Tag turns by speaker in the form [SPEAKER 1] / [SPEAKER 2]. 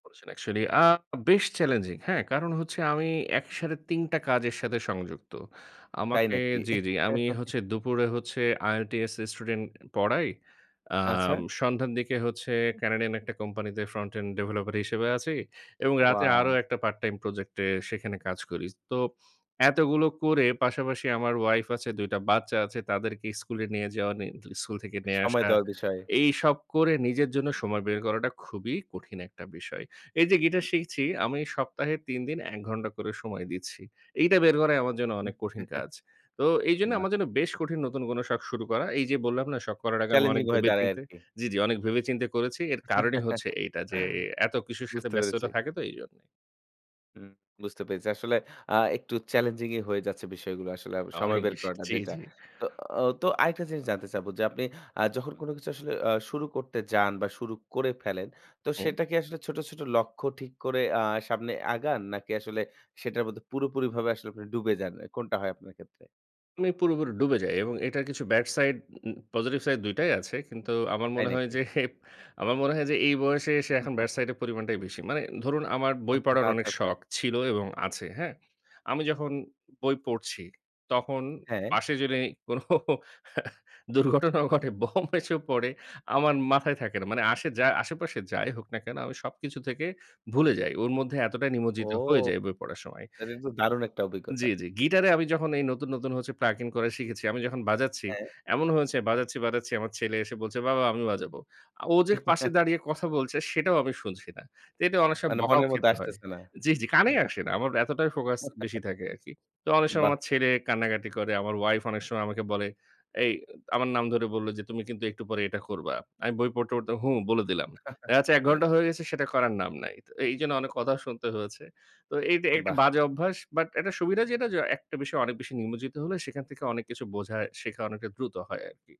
[SPEAKER 1] করেছেন actually আ বেশ challenging. হ্যাঁ, কারণ হচ্ছে আমি একসাথে ৩ টা কাজের সাথে সংযুক্ত।
[SPEAKER 2] তাই
[SPEAKER 1] আমাকে
[SPEAKER 2] নাকি?
[SPEAKER 1] জ্বি, জি আমি হচ্ছে দুপুরে হচ্ছে IELTS স্টুডেন্ট পড়াই।
[SPEAKER 2] আচ্ছা।
[SPEAKER 1] অ্যাম সন্ধ্যার দিকে হচ্ছে, ক্যানাডিয়ান একটা কোম্পানিতে ফ্রন্ট এন্ড ডেভেলপার হিসেবে আছি। এবং রাতে আরো
[SPEAKER 2] ওয়াও!
[SPEAKER 1] একটা পার্ট টাইম প্রজেক্ট এ সেখানে কাজ করি। তো এতগুলো করে পাশাপাশি আমার ওয়াইফ আছে, ২ টা বাচ্চা আছে তাদেরকে স্কুলে নিয়ে যাওয়া নি স্কুল থেকে নিয়ে
[SPEAKER 2] সময়
[SPEAKER 1] আসা।
[SPEAKER 2] দেওয়ার বিষয়ে।
[SPEAKER 1] এইসব করে নিজের জন্য সময় বের করাটা খুবই কঠিন একটা বিষয়। এই যে গিটার শিখছি, আমি সপ্তাহে ৩ দিন ১ ঘণ্টা করে সময় দিচ্ছি। এইটা বের করাই আমার জন্য অনেক কঠিন কাজ। তো এইজন্য
[SPEAKER 2] বাহ!
[SPEAKER 1] আমার জন্য বেশ কঠিন নতুন কোনো শখ শুরু করা। এই যে বললাম না, শখ করার আগে আমি অনেক
[SPEAKER 2] চ্যালেঞ্জিং হয়ে
[SPEAKER 1] ভেবে
[SPEAKER 2] দাঁড়ায়
[SPEAKER 1] চিন্তে
[SPEAKER 2] আরকি।
[SPEAKER 1] জ্বি, জি অনেক ভেবে চিন্তে করেছি। এর কারণই হচ্ছে এইটা, যে এ এত কিছুর সাথে
[SPEAKER 2] বুঝতে পেরেছি।
[SPEAKER 1] ব্যস্ততা থাকে তো এইজন্যেই।
[SPEAKER 2] হুম বুঝতে পেরেছি। আসলে আ একটু চ্যালেঞ্জিংই হয়ে যাচ্ছে বিষয়গুলো আসলে আব সময়
[SPEAKER 1] অনেক
[SPEAKER 2] বের
[SPEAKER 1] বেশি
[SPEAKER 2] করাটা
[SPEAKER 1] জি,
[SPEAKER 2] যেটা।
[SPEAKER 1] জি।
[SPEAKER 2] তো ও তো আরেকটা জিনিস জানতে চাবো যে আপনি অ্যা যখন কোন কিছু আসলে অ্যা শুরু করতে যান বা শুরু করে ফেলেন, তো
[SPEAKER 1] হু।
[SPEAKER 2] সেটা কি আসলে ছোট, ছোট লক্ষ্য ঠিক করে অ্যা সামনে আগান, নাকি আসলে সেটার মধ্যে পুরোপুরিভাবে আসলে আপনি ডুবে যান। অ্যা কোনটা হয় আপনার ক্ষেত্রে?
[SPEAKER 1] আমি পুরোপুরি ডুবে যাই এবং এটার কিছু bad side, um positive side দুইটাই আছে। কিন্তু আমার
[SPEAKER 2] তাই
[SPEAKER 1] মনে হয়
[SPEAKER 2] নাকি?
[SPEAKER 1] যে, আমার মনে হয় যে এই বয়সে এসে এখন ব্যাড সাইড এর পরিমাণটাই বেশি। মানে ধরুন আমার বই
[SPEAKER 2] অহ,
[SPEAKER 1] পড়ার
[SPEAKER 2] আচ্ছা,
[SPEAKER 1] অনেক
[SPEAKER 2] আচ্ছা।
[SPEAKER 1] শখ ছিল এবং আছে। হ্যাঁ? আমি যখন বই পড়ছি তখন
[SPEAKER 2] হ্যাঁ।
[SPEAKER 1] পাশে যদি কোনো দুর্ঘটনাও ঘটে, বম এসেও পড়ে, আমার মাথায় থাকে না। মানে আসে যা আশেপাশে যাই হোক না কেন, আমি সবকিছু থেকে ভুলে যাই। ওর মধ্যে এতটাই
[SPEAKER 2] ও!
[SPEAKER 1] নিমজ্জিত হয়ে যাই বই পড়ার সময়।
[SPEAKER 2] এটা কিন্তু দারুণ একটা অভিজ্ঞতা!
[SPEAKER 1] জ্বি, জ্বি। গিটারে আমি যখন এই নতুন, নতুন হচ্ছে প্লাগিং করে শিখেছি। আমি যখন বাজাচ্ছি,
[SPEAKER 2] হ্যাঁ।
[SPEAKER 1] এমনও হয়েছে বাজাচ্ছি, বাজাচ্ছি। আমার ছেলে এসে বলছে "বাবা আমি বাজাবো।" আ ও যে পাশে দাঁড়িয়ে কথা বলছে সেটাও আমি শুনছি না। এটা অনেক সময়
[SPEAKER 2] মানে
[SPEAKER 1] বকাও
[SPEAKER 2] মনের মধ্যে
[SPEAKER 1] খেতে হয়।
[SPEAKER 2] আসতেছে না।
[SPEAKER 1] জ্বি, জি
[SPEAKER 2] হু।
[SPEAKER 1] কানেই আসে না। আমার এতটাই ফোকাস বেশি থাকে আরকি। তো অনেক সময়
[SPEAKER 2] বাহ!
[SPEAKER 1] আমার ছেলে কান্নাকাটি করে। আমার ওয়াইফ অনেক সময় আমাকে বলে, এই আমার নাম ধরে বলল, যে "তুমি কিন্তু একটু পরে এটা করবা।" আমি বই পড়তে, পড়তে 'হু' বলে দিলাম। আচ্ছা ১ ঘন্টা হয়ে গেছে সেটা করার নাম নাই। তো এইজন্য অনেক কথা শুনতে হয়েছে। তো এই যে এইটা
[SPEAKER 2] বাহ!
[SPEAKER 1] বাজে অভ্যাস। বাট এটার সুবিধা যেটা, য একটা বিষয় অনেক বেশি নিমজ্জিত হলে সেখান থেকে অনেক কিছু বোঝা, শেখা অনেকটা দ্রুত হয় আরকি।